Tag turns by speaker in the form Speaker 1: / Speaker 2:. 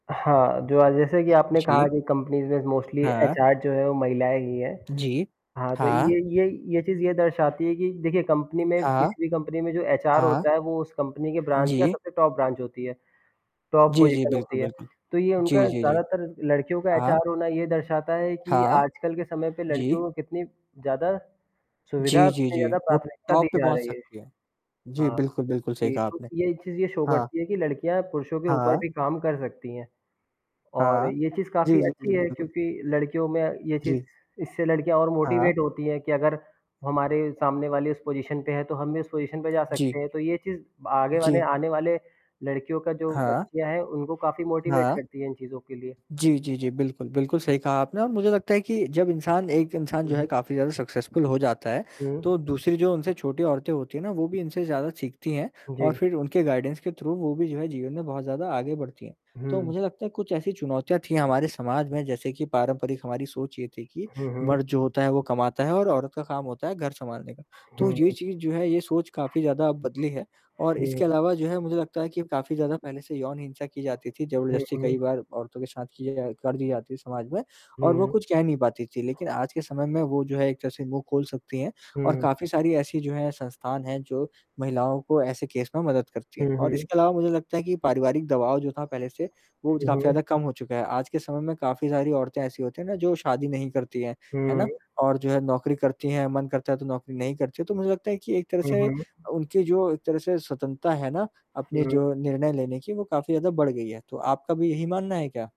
Speaker 1: हाँ, जो अ, जैसे कि आपने कहा
Speaker 2: जी।
Speaker 1: कि कंपनीज़ में मोस्टली
Speaker 2: हाँ।
Speaker 1: एचआर जो है वो महिलाएँ ही हैं।
Speaker 2: जी।
Speaker 1: हाँ, तो
Speaker 2: हाँ।
Speaker 1: ये ये ये चीज़ ये दर्शाती है कि देखिए कंपनी में
Speaker 2: हाँ।
Speaker 1: किसी भी कंपनी में जो एचआर
Speaker 2: हाँ।
Speaker 1: होता है, वो उस कंपनी के ब्रांच या
Speaker 2: जी।
Speaker 1: सबसे टॉप ब्रांच होती है? टॉप
Speaker 2: जी, जी।
Speaker 1: पोजीशन
Speaker 2: बिल्कुल,
Speaker 1: होती है,
Speaker 2: बिल्कुल।
Speaker 1: तो ये
Speaker 2: जी,
Speaker 1: उनका
Speaker 2: जी, जी।
Speaker 1: ज़्यादातर लड़कियों का
Speaker 2: हाँ।
Speaker 1: एचआर होना ये दर्शाता है कि
Speaker 2: हाँ।
Speaker 1: आजकल के समय पे
Speaker 2: जी।
Speaker 1: लड़कियों को कितनी ज़्यादा सुविधा
Speaker 2: जी,
Speaker 1: और
Speaker 2: जी,
Speaker 1: कितनी
Speaker 2: जी।
Speaker 1: ज़्यादा
Speaker 2: वो
Speaker 1: प्राथमिकता दी
Speaker 2: टॉप पे
Speaker 1: जा
Speaker 2: पहुँच
Speaker 1: रही है।
Speaker 2: सकती है। जी,
Speaker 1: हाँ।
Speaker 2: बिल्कुल, बिल्कुल, सही
Speaker 1: जी,
Speaker 2: कहा
Speaker 1: तो
Speaker 2: आपने।
Speaker 1: ये चीज़ ये शो
Speaker 2: हाँ।
Speaker 1: करती है कि लड़कियाँ पुरुषों के ऊपर
Speaker 2: हाँ।
Speaker 1: भी काम कर सकती हैं और
Speaker 2: हाँ।
Speaker 1: ये चीज़
Speaker 2: जी,
Speaker 1: काफ़ी
Speaker 2: जी,
Speaker 1: अच्छी
Speaker 2: जी।
Speaker 1: है
Speaker 2: बिल्कुल।
Speaker 1: क्योंकि लड़कियों में ये चीज़
Speaker 2: जी।
Speaker 1: इससे लड़कियाँ और
Speaker 2: हाँ।
Speaker 1: मोटिवेट होती हैं कि अगर हमारे सामने वाली उस पोजीशन पे है तो हम भी उस पोजीशन पे जा सकते
Speaker 2: जी।
Speaker 1: हैं। तो ये चीज़ आगे वाले
Speaker 2: जी।
Speaker 1: आने वाले लड़कियों का जो
Speaker 2: हाँ।
Speaker 1: बच्चियाँ है, उनको काफ़ी मोटिवेट
Speaker 2: हाँ।
Speaker 1: करती है इन चीज़ों के लिए।
Speaker 2: जी, जी, जी। बिल्कुल, बिल्कुल सही कहा आपने और मुझे लगता है कि जब इंसान एक इंसान जो
Speaker 1: हुँ,
Speaker 2: है,
Speaker 1: हुँ।
Speaker 2: काफ़ी ज़्यादा सक्सेसफुल हो जाता है, तो
Speaker 1: हुँ।
Speaker 2: दूसरी जो उनसे छोटी औरतें होती हैं ना, वो भी इनसे ज़्यादा सीखती हैं और
Speaker 1: जी।
Speaker 2: फिर उनके गाइडेंस के थ्रू वो भी जो है जीवन में बहुत ज़्यादा आगे बढ़ती हैं। तो
Speaker 1: हुँ।
Speaker 2: मुझे लगता है कुछ ऐसी चुनौतियाँ थी हमारे समाज में, जैसे कि पारंपरिक हमारी सोच ये थी कि,
Speaker 1: हुँ, हुँ।
Speaker 2: मर्द जो होता है वो कमाता है और औरत का काम होता है घर सँभालने का। तो ये
Speaker 1: हुँ।
Speaker 2: चीज़ जो है ये सोच काफ़ी ज़्यादा अब बदली है और इसके
Speaker 1: हुँ।
Speaker 2: अलावा जो है मुझे लगता है कि काफ़ी ज़्यादा पहले से यौन हिंसा की जाती थी,
Speaker 1: हुँ,
Speaker 2: ज़बरदस्ती
Speaker 1: हुँ।
Speaker 2: कई बार औरतों के साथ की जा कर दी जाती समाज में और वो
Speaker 1: हुँ।
Speaker 2: कुछ कह नहीं पाती थी। लेकिन आज के समय में वो जो है, एक तरह से मुँह खोल सकती हैं और
Speaker 1: हुँ।
Speaker 2: काफ़ी सारी ऐसी जो है संस्थान हैं, जो महिलाओं को ऐसे केस में मदद करती हैं
Speaker 1: हुँ,
Speaker 2: और
Speaker 1: हुँ।
Speaker 2: इसके अलावा मुझे लगता है कि पारिवारिक दबाव जो था, पहले से वो ज
Speaker 1: हुँ,
Speaker 2: काफ़ी
Speaker 1: हुँ।
Speaker 2: ज़्यादा कम हो चुका है। आज के समय में काफ़ी सारी औरतें ऐसी होती हैं ना जो शादी नहीं करती हैं, है
Speaker 1: हुँ,
Speaker 2: ना?
Speaker 1: हुँ।
Speaker 2: और जो है नौकरी करती हैं, मन करता है तो नौकरी नहीं करती है, तो मुझे लगता है कि एक तरह
Speaker 1: हुँ,
Speaker 2: से
Speaker 1: हुँ।
Speaker 2: उनकी जो एक तरह से स्वतंत्रता है ना, अपने
Speaker 1: हुँ।
Speaker 2: जो निर्णय लेने की वो काफ़ी ज़्यादा बढ़ गई है। तो आपका भी यही मानना है क्या?